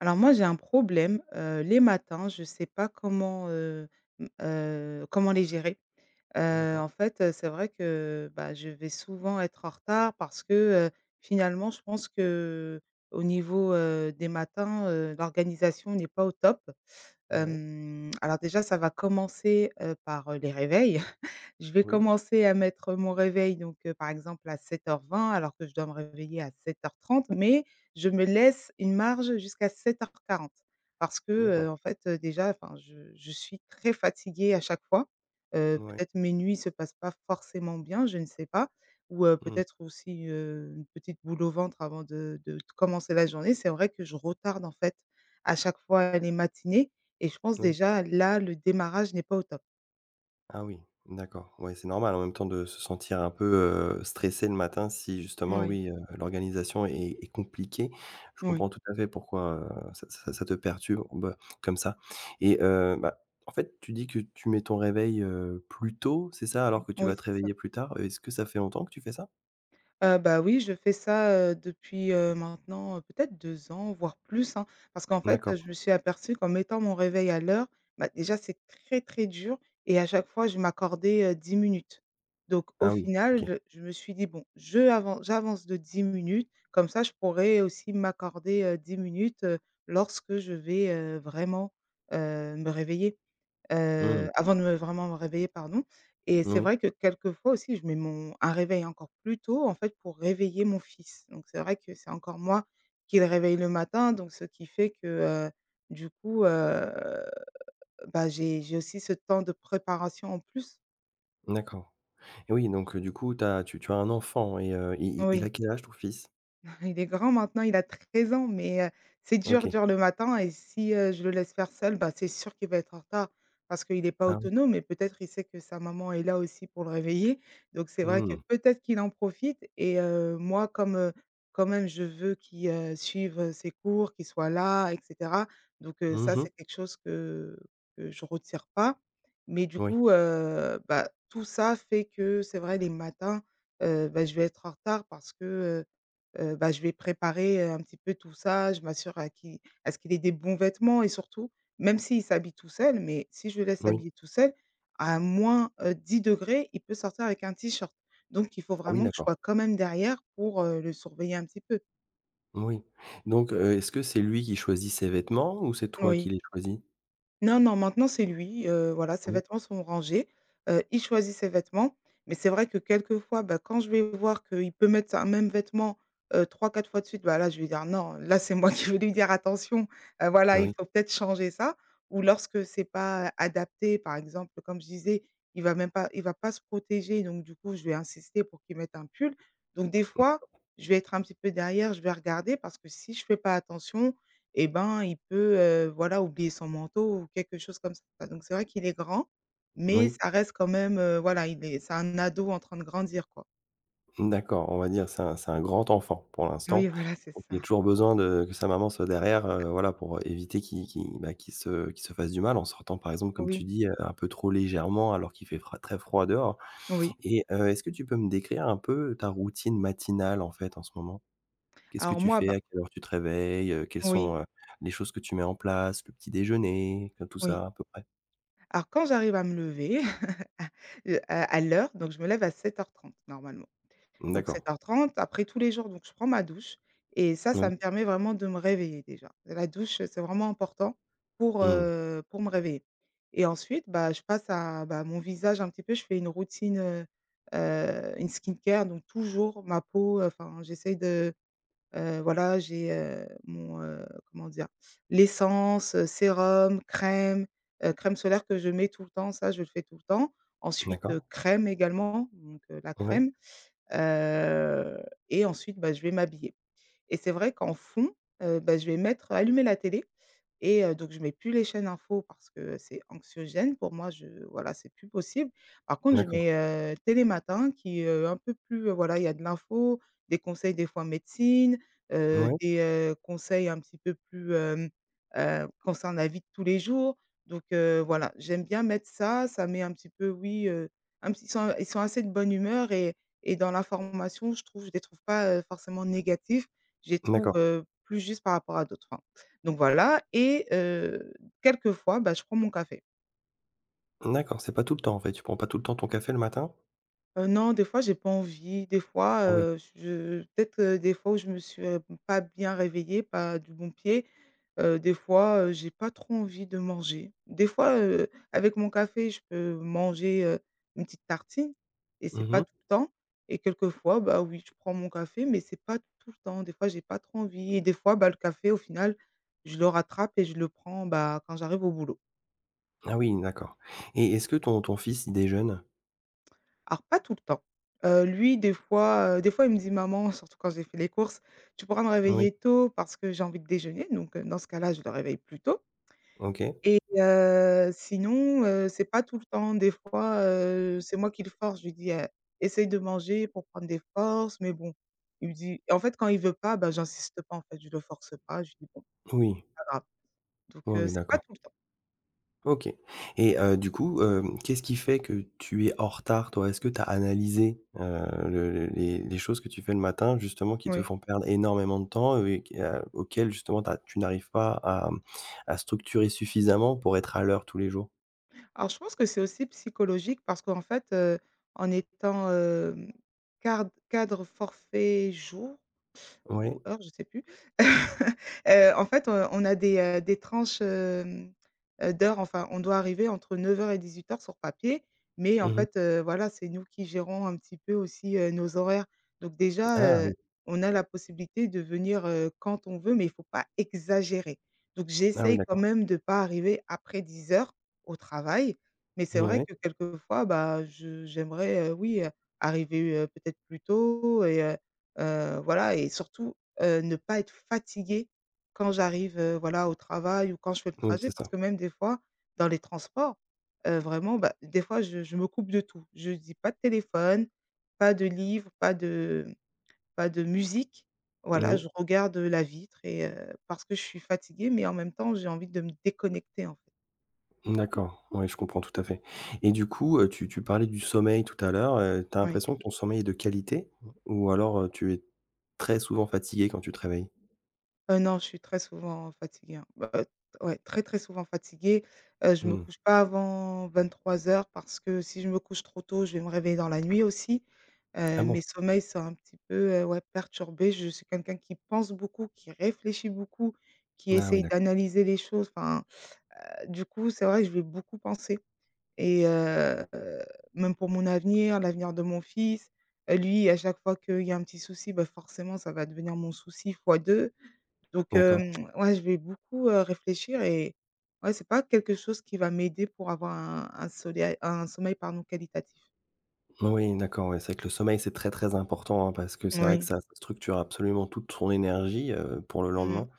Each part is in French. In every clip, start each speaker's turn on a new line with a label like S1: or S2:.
S1: Alors moi j'ai un problème, heu, les matins je sais pas comment, heu, mmh, heu, comment les gérer, heu,
S2: D'accord.
S1: en fait c'est vrai que, bah, je vais souvent être en retard. Parce que, heu, finalement je pense qu'au niveau, heu, des matins, heu, l'organisation n'est pas au top,
S2: Ouais.
S1: hem, alors déjà, ça va commencer, heu, par les réveils. Je vais
S2: Oui.
S1: commencer à mettre mon réveil donc heu, par exemple à 07:20, alors que je dois me réveiller à 07:30 mais, je me laisse une marge jusqu'à 07:40. Parce que, heu,
S2: D'accord.
S1: en fait, déjà, enfin, je je suis très fatiguée à chaque fois, heu,
S2: Mouais.
S1: peut-être mes nuits se passent pas forcément bien, je ne sais pas, ou, heu,
S2: Mmh.
S1: peut-être aussi, heu, une petite boule au ventre avant de de commencer la journée. C'est vrai que je retarde en fait, à chaque fois, les matinées et je pense
S2: Moui.
S1: déjà là, le démarrage n'est pas au top.
S2: Ah oui. D'accord. Ouais, c'est normal en même temps de se sentir un peu, heu, stressée le matin. Si justement,
S1: Moui.
S2: oui, heu, l'organisation est est compliquée. Je
S1: Oui.
S2: comprends tout à fait pourquoi, heu, ça ça ça te perturbe, heu, comme ça et heu, bah, en fait, tu dis que tu mets ton réveil, heu, plus tôt, c'est ça?
S1: Mmh
S2: Alors que tu vas
S1: oui,
S2: te
S1: c'est ça.
S2: réveiller plus tard. Est-ce que ça fait longtemps que tu fais ça?
S1: Heu, bah, oui je fais ça, heu, depuis, heu, maintenant peut-être 2 ans, voire plus, hein. Parce qu'en fait
S2: D'accord.
S1: je me suis aperçue qu'en mettant mon réveil à l'heure, bah, déjà c'est très, très dur et à chaque fois je m'accordais, heu, 10 minutes. Donc au
S2: Ah oui, OK.
S1: final je je me suis dit: «Bon je avance j'avance de 10 minutes, comme ça je pourrais aussi m'accorder, heu, 10 minutes, heu, lorsque je vais, heu, vraiment, heu, me réveiller,
S2: Mmh
S1: heu,
S2: mh.
S1: avant de me vraiment me réveiller», pardon et c'est
S2: Moui.
S1: vrai que quelquefois aussi, je mets mon un réveil encore plus tôt en fait, pour réveiller mon fils. Donc c'est vrai que c'est encore moi qui le réveille le matin donc ce qui fait que, heu, du coup, heu, bah, j'ai j'ai aussi ce temps de préparation en plus.
S2: D'accord et oui donc, heu, du coup tu as tu tu as un enfant et heu, il il il a
S1: Oui.
S2: quel âge ton fils?
S1: Il est grand maintenant, il a 13 ans. Mais, heu, c'est dur,
S2: OK.
S1: dur le matin et si, heu, je le laisse faire seul, bah, c'est sûr qu'il va être en retard. Parce qu'il est pas
S2: Ah oui.
S1: autonome et peut-être, il sait que sa maman est là aussi pour le réveiller. Donc c'est vrai
S2: Mmh
S1: que,
S2: mh.
S1: peut-être qu'il en profite et heu, moi comme, heu, quand même je veux qu'il, heu, suive ses cours, qu'il soit là et cetera. Donc, heu,
S2: Mmh
S1: ça
S2: mh.
S1: c'est quelque chose que que je retire pas. Mais du
S2: Oui.
S1: coup, heu, bah, tout ça, fait que c'est vrai les matins, heu, bah je vais être en retard parce que, heu, heu, bah, je vais préparer un petit peu tout ça. Je m'assure à qui à ce qu'il ait des bons vêtements et surtout, même s'il s'habille tout seul, mais si je laisse
S2: Moui.
S1: s'habiller tout seul à moins, heu, 10°, il peut sortir avec un t-shirt. Donc il faut
S2: Ah oui
S1: vraiment que je
S2: d'accord.
S1: sois quand même derrière pour, heu, le surveiller un petit peu.
S2: Moui. Donc heu, est-ce que c'est lui qui choisit ses vêtements ou c'est toi qui
S1: Oui.
S2: les choisis?
S1: Non, non maintenant c'est lui, heu, voilà ses
S2: Oui.
S1: vêtements sont rangés, heu, il choisit ses vêtements. Mais c'est vrai que quelques fois, bah, quand je vais voir qu'il peut mettre un même vêtement, heu, 3-4 fois de suite, bah, là je vais dire: «Non», là, c'est moi qui vais lui dire: «Attention, heu, voilà,
S2: Bah
S1: il
S2: oui.
S1: faut peut-être changer ça». Ou lorsque c'est pas adapté, par exemple comme je disais, il va même pas il va pas se protéger, donc du coup je vais insister pour qu'il mette un pull. Donc des fois,
S2: D'accord.
S1: je vais être un petit peu derrière, je vais regarder. Parce que si je fais pas attention et ben, il peut, heu, voilà oublier son manteau ou quelque chose comme ça. Donc c'est vrai qu'il est grand, mais
S2: Moui.
S1: ça reste quand même, heu, voilà il est c'est un ado en train de grandir quoi.
S2: Mmh d'accord, on va dire c'est un c'est un grand enfant, pour l'instant.
S1: Oui voilà c'est
S2: Il a
S1: ça.
S2: toujours besoin de que sa maman soit derrière, heu, voilà, pour éviter qu'il qu'il, bah, qu'il se qu'il se fasse du mal en sortant, par exemple, comme tu
S1: Oui.
S2: dis, heu, un peu trop légèrement alors qu'il fait fra très froid dehors
S1: Oui.
S2: et heu, est-ce que tu peux me décrire un peu ta routine matinale en fait, en ce moment? Qu'est-ce que
S1: Alors
S2: tu
S1: moi,
S2: fais?
S1: bah
S2: À quelle heure tu te réveilles, heu? Quelles
S1: Oui.
S2: sont, heu, les choses que tu mets en place? Le petit-déjeuner? Enfin tout
S1: Oui.
S2: ça à peu près.
S1: Alors quand j'arrive à me lever à, heu, à à l'heure, donc je me lève à 07:30 normalement.
S2: Mmh
S1: Donc
S2: d'accord.
S1: 07:30, après tous les jours, donc je prends ma douche et ça, ça me
S2: Oui.
S1: permet vraiment de me réveiller déjà. La douche c'est vraiment important pour,
S2: Mmh.
S1: heu, pour me réveiller et ensuite, bah, je passe à, bah, mon visage un petit peu. Je fais une routine, heu, heu, une skin care. Donc, toujours ma peau, enfin, j'essaie de, heu, voilà j'ai, heu, mon, heu, comment dire? L'essence, sérum, crème, heu, crème solaire que je mets tout le temps, ça je le fais tout le temps. Ensuite,
S2: D'accord.
S1: crème également donc heu, la
S2: Ouais.
S1: crème, heu et ensuite, bah, je vais m'habiller et c'est vrai qu'en fond, heu, bah, je vais mettre allumer la télé et heu, donc, je mets plus les chaînes infos parce que c'est anxiogène, pour moi je voilà c'est plus possible. Par contre je
S2: D'accord.
S1: mets, heu, Télématin qui est un peu plus, heu, voilà il y a de l'info, des conseils des fois médecine, heu,
S2: Mouais.
S1: des, heu, conseils un petit peu plus, hem, heu, concernant la vie de tous les jours. Donc heu, voilà. J'aime bien mettre ça, ça met un petit peu oui, heu, un petit ils sont ils sont assez de bonne humeur et et dans l'information je trouve je les trouve pas, heu, forcément négatifs. Je les trouve,
S2: D'accord.
S1: heu, plus juste par rapport à d'autres, hein. Donc voilà et heu, quelques fois, bah, je prends mon café.
S2: D'accord, c'est pas tout le temps en fait? Tu prends pas tout le temps ton café le matin?
S1: Heu, non des fois j'ai pas envie. Des fois,
S2: Ah oui.
S1: heu, j je peut-être des fois où je me suis, heu, pas bien réveillée, pas du bon pied, heu, des fois, heu, j'ai pas trop envie de manger. Des fois, heu, avec mon café je peux manger, heu, une petite tartine et c'est
S2: Mmh
S1: pas
S2: mh.
S1: tout le temps et quelques fois, bah, oui je prends mon café. Mais c'est pas tout le temps. Des fois, j'ai pas trop envie et des fois, bah, le café au final, je le rattrape et je le prends, bah, quand j'arrive au boulot.
S2: Ah oui d'accord, et est-ce que ton ton fils il déjeune?
S1: Alors pas tout le temps, heu, lui des fois, heu, des fois il me dit: «Maman» surtout quand j'ai fait les courses: «Tu pourras me
S2: Oui.
S1: réveiller tôt parce que j'ai envie de déjeuner», donc heu, dans ce cas-là, je le réveille plus tôt.
S2: OK.
S1: Et heu, sinon, heu, c'est pas tout le temps. Des fois, heu, c'est moi qui le force, je lui dis heu: «Essaye de manger pour prendre des forces» mais bon, il me dit en fait, quand il veut pas, bah, j'insiste pas en fait, je le force pas, je dis bon:
S2: Oui.
S1: «Pas grave», donc
S2: Oui,
S1: heu,
S2: oui,
S1: c'est pas
S2: d'accord.
S1: tout le temps.
S2: OK et heu, du coup, hem, qu'est-ce qui fait que tu es en retard, toi? Est-ce que tu as analysé, heu, le le les les choses que tu fais le matin justement, qui te
S1: Oui.
S2: font perdre énormément de temps et au et qu a auquel justement tu as tu n'arrives pas à, mmh, à structurer suffisamment pour être à l'heure tous les jours?
S1: Alors, je pense que c'est aussi psychologique parce qu'en fait, heu, en étant, hem, card cadre forfait jours ou
S2: Oui.
S1: heures, je sais plus, heu, en fait, heu, on a des, heu, des tranches, hem, heu, d'heures, enfin on doit arriver entre 09:00 et 18:00 sur papier, mais en
S2: Mmh mh.
S1: fait, heu, voilà, c'est nous qui gérons un petit peu aussi, heu, nos horaires, donc déjà,
S2: Ah
S1: heu,
S2: oui.
S1: on a la possibilité de venir, heu, quand on veut, mais il faut pas exagérer, donc
S2: Ah oui
S1: j'essaye quand
S2: d'accord.
S1: même de pas arriver après 10:00 au travail, mais c'est vrai
S2: Mouais.
S1: que quelquefois, bah, je j'aimerais, heu, oui, heu, arriver, heu, peut-être plus tôt et heu heu, voilà, et surtout, heu, ne pas être fatiguée quand j'arrive, heu, voilà, au travail ou quand je fais le
S2: Moui
S1: trajet
S2: c'est
S1: parce
S2: ça.
S1: que, même des fois dans les transports, heu, vraiment, bah, des fois je je me coupe de tout. Je me dis: «Pas de téléphone, pas de livres, pas de, mmh, pas de musique» voilà,
S2: Moui.
S1: je regarde la vitre et parce que je suis fatiguée, mais en même temps, j'ai envie de me déconnecter, en fait.
S2: Mmh, d'accord, oui, je comprends tout à fait, et du coup, heu, tu tu parlais du sommeil tout à l'heure, heu, tu as
S1: Oui.
S2: l'impression que ton sommeil est de qualité, ou alors, heu, tu es très souvent fatiguée quand tu te réveilles?
S1: Heu, non, je suis très souvent fatiguée, hein. Bah [unintelligible] ouais très, très souvent fatiguée, heu, je me
S2: Mmh.
S1: couche pas avant 23:00 parce que si je me couche trop tôt, je vais me réveiller dans la nuit aussi,
S2: Ah
S1: heu,
S2: bon?
S1: mes sommeils sont un petit peu heu, ouais perturbés. Je suis quelqu'un qui pense beaucoup, qui réfléchit beaucoup, qui
S2: Ah oui
S1: essaye
S2: d'a
S1: d'analyser les choses, enfin, heu, du coup c'est vrai que je vais beaucoup penser, et heu heu, même pour mon avenir, l'avenir de mon fils. Heu, lui à chaque fois qu'il y a un petit souci, bah, forcément ça va devenir mon souci fois 2. Donc hem,
S2: D'accord.
S1: ouais je vais beaucoup, heu, réfléchir et ouais c'est pas quelque chose qui va m'aider pour avoir un un soleil un sommeil pardon qualitatif.
S2: Moui d'accord, ouais c'est vrai que le sommeil c'est très, très important hein, parce que c'est vrai que
S1: Moui.
S2: ça structure absolument toute son énergie, heu, pour le
S1: Mmh mh,
S2: lendemain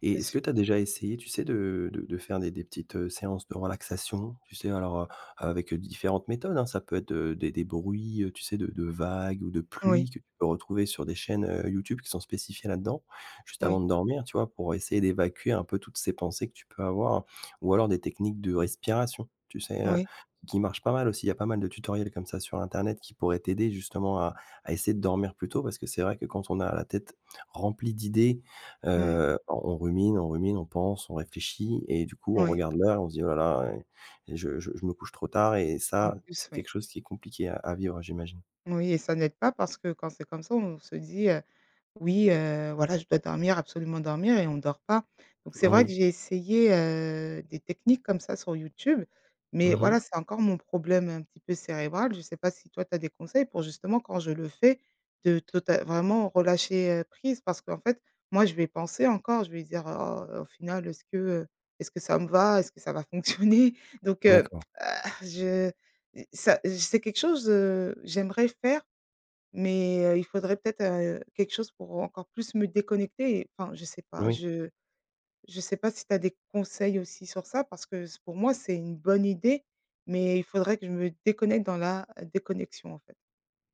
S2: et
S1: c'est
S2: est-ce
S1: sûr.
S2: que tu as déjà essayé tu sais de de de faire des des petites, heu, séances de relaxation? Tu sais, alors, heu heu, avec différentes méthodes, hein, ça peut être, heu, des des bruits, heu, tu sais de de vagues ou de pluie
S1: Oui.
S2: que, tu peux retrouver sur des chaînes, heu, YouTube qui sont spécifiées là-dedans. Juste avant
S1: Oui.
S2: de dormir, tu vois? Pour essayer d'évacuer un peu toutes ces pensées que tu peux avoir, ou alors des techniques de respiration, tu sais, heu,
S1: Oui.
S2: qui marchent pas mal aussi, il y a pas mal de tutoriels comme ça sur internet qui pourraient t'aider justement à à essayer de dormir plus tôt. Parce que c'est vrai que quand on a la tête, remplie d'idées,
S1: Mmh mh.
S2: heu, on on rumine, on rumine, on pense, on réfléchit et du coup, on
S1: Oui.
S2: regarde l'heure, et on se dit: «oh la la, et et je je je me couche trop tard» et
S1: En
S2: ça,
S1: plus,
S2: c'est
S1: oui.
S2: quelque chose qui est compliqué à à vivre j'imagine.
S1: Oui et ça n'aide pas parce que quand c'est comme ça on se dit, heu: «Oui, heu, voilà je dois dormir absolument dormir et on dort pas». Donc c'est vrai que
S2: Oui.
S1: j'ai essayé, heu, des techniques comme ça sur YouTube, mais
S2: Mmh mh.
S1: voilà c'est encore mon problème un petit peu cérébral, je sais pas si toi tu as des conseils pour justement quand je le fais, de total vraiment relâcher, heu, prise parce qu'en fait, moi je vais penser encore. Je vais dire: «Oh, au final, est-ce que, heu est-ce que ça me va? Est-ce que ça va fonctionner? donc heu
S2: D'accord.
S1: heu, je i ça, c'est j c'est quelque chose, heu, j'aimerais faire, mais heu, il faudrait peut-être, heu, quelque chose pour encore plus me déconnecter, et enfin je sais pas,
S2: Oui.
S1: je je sais pas si tu as des conseils aussi sur ça parce que c pour moi, c'est une bonne idée, mais il faudrait que je me déconnecte dans la déconnexion, en fait.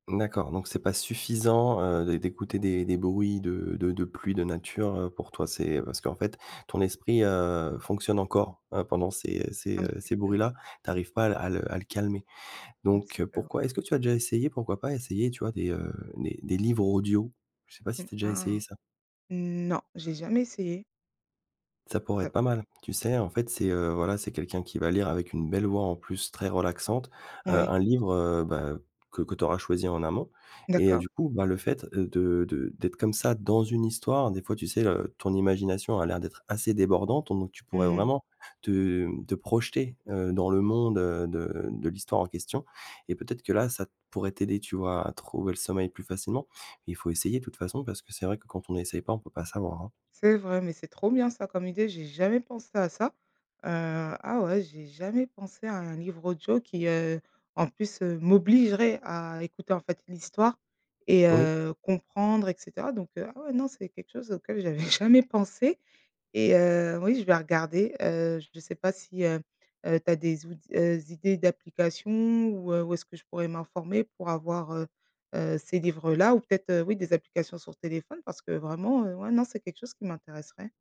S2: D'accord. Donc c'est pas suffisant, heu, d'é d'écouter des des bruits de de de pluie, de nature, heu. Pour toi, c'est parce qu'en fait, ton esprit, heu, fonctionne encore, heu, pendant ces ces,
S1: Ah mais
S2: heu
S1: c'est
S2: ces
S1: que
S2: bruits-là, tu arrives pas à le à le à le calmer
S1: Mmh, c'est
S2: donc heu,
S1: clair, ouais.
S2: pourquoi est-ce que tu as déjà essayé pourquoi pas essayer, tu vois, des, heu des des livres audio? Je sais pas si
S1: Mmh,
S2: tu as déjà
S1: ah!
S2: essayé ça?
S1: Non j'ai jamais essayé.
S2: Ça pourrait
S1: Heu
S2: être pas mal, tu sais, en fait, c'est heu, voilà, c'est quelqu'un qui va lire, avec une belle voix en plus très relaxante, heu,
S1: Oui.
S2: un livre, heu, bah que que tu auras choisi en amont et heu,
S1: D'accord.
S2: du coup, bah, le fait, heu, de de d'être comme ça dans une histoire, des fois, tu sais, heu, ton imagination à l'air d'être assez débordante donc tu pourrais
S1: Mmh mh.
S2: vraiment te, hem te projeter, heu, dans le monde de de de l'histoire en question et peut-être que là, ça pourrait t'aider. Tu vois? À trouver le sommeil plus facilement. Il faut essayer de toute façon parce que c'est vrai que quand on n'essaye pas, on peut pas savoir, hein?
S1: C'est vrai, mais c'est trop bien ça comme idée, j'ai jamais pensé à ça. Heu, ah ouais, j'ai jamais pensé à un livre audio qui heu, en plus heu, m'obligerait à écouter, en fait, l'histoire et
S2: Oui.
S1: heu, comprendre et cetera donc heu, ah ouais, non, c'est quelque chose auquel j'avais jamais pensé et heu, oui, je vais regarder heu. Je sais pas si heu heu, tu as des out s heu, des idées d'applications ou heu où est-ce que je pourrais m'informer pour avoir, heu heu, ces livres-là? Ou peut-être, oui, des applications sur téléphone parce que vraiment, heu, ouais, non, c'est quelque chose qui m'intéresserait.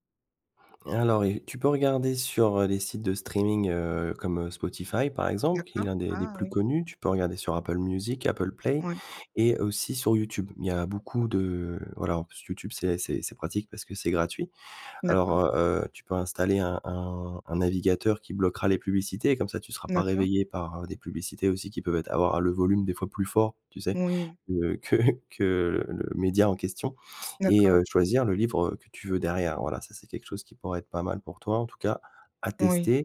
S2: Alors il tu peux regarder sur heu, les sites de streaming, heu, comme heu, Spotify par exemple qui est
S1: D'accord.
S2: l'un des des
S1: Ah
S2: plus
S1: oui!
S2: connus. Tu peux regarder sur Apple musique, Apple play
S1: Ouais.
S2: et aussi sur YouTube. Il y a beaucoup de, voilà, en plus YouTube c'est c'est c'est pratique parce que c'est gratuit. Alors,
S1: D'accord.
S2: heu heu, tu peux installer un un un navigateur qui bloquera les publicités, comme ça, tu seras pas
S1: D'accord.
S2: réveillé par des publicités aussi qui peuvent être avoir le volume, des fois, plus fort. Tu sais?
S1: Oui.
S2: Que que, heu, que le média en question et
S1: D'accord.
S2: heu, de choisir le livre, heu, que tu veux derrière. Voilà, ça c'est quelque chose qui pourrait être pas mal pour toi en tout cas, à
S1: Oui.
S2: tester,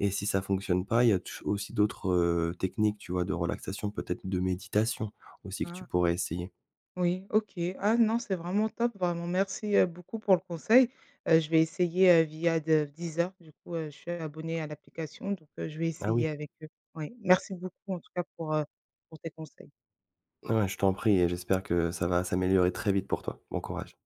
S2: et si ça fonctionne pas il y a touj aussi d'autres, heu, techniques, tu vois, de relaxation, peut-être de méditation aussi que tu
S1: Ah!
S2: pourrais essayer.
S1: Oui. OK. Ah non, c'est vraiment top, vraiment merci, heu, beaucoup, pour le conseil. Heu, je vais essayer, heu, via de Deezer, du coup, je suis abonnée à l'application donc heu, je vais
S2: Ah
S1: essayer
S2: oui.
S1: avec eux. Oui. Merci beaucoup en tout cas pour heu pour tes conseils.
S2: Eh beh, je t'en prie et j'espère que ça va s'améliorer très vite pour toi, bon courage.